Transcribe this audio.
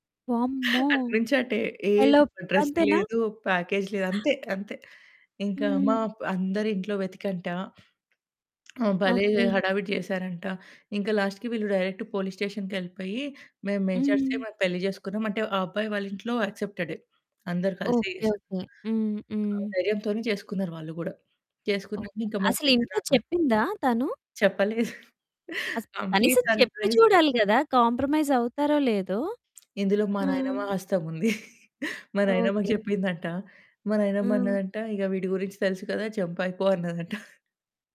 వామ్మో! అటు నుంచి అటే. ఏ ఎలోప్ డ్రెస్సు అంతేనా? లేదు. ఓ ప్యాకేజ్ లేదు. అంతే, అంతే. ఇంక మా హ్మ్. ప అందరింట్లో వెతికేంట ఆహ్, భలే ఓకె. హడావిడి చేసారంట! ఇంక లాస్ట్‌కి వీళ్ళు డైరెక్ట్ పోలీస్ స్టేషన్‌‌కెళ్ళిపోయి మేము మేజర్స్‌కి హ్మ్. మాకు పెళ్లి చేసుకున్నామంటే ఆ అబ్బాయి వాళ్ళింట్లో యాక్సెప్టెడే అందరు కలిసే ఓకె. చేసారు. ఓకె. హ్మ్. ఆ హ్మ్. ధైర్యంతోనే చేసుకున్నారు వాళ్ళు గూడా. ఓకె. చేసుకున్నాక మా అసలింట్లో పెద్దనాన్న చెప్పిందా తను? చెప్పలేదు. అసలు మా అంకుల్‌కి కనీసం చెప్పి సర్ప్రైజ్! చూడాలి కదా! కాంప్రమైజ్ అవుతారో లేదో! ఇందులో మా హ్మ్. నాయనమ్మ హస్తముంది! మా నాయనమ్మకి ఓకె. చెప్పిందంట. మా నాయనమ్మ హ్మ్. అన్నదంట ఇక వీడి గురించి తెలుసు కదా, జంపైపో అన్నదంట!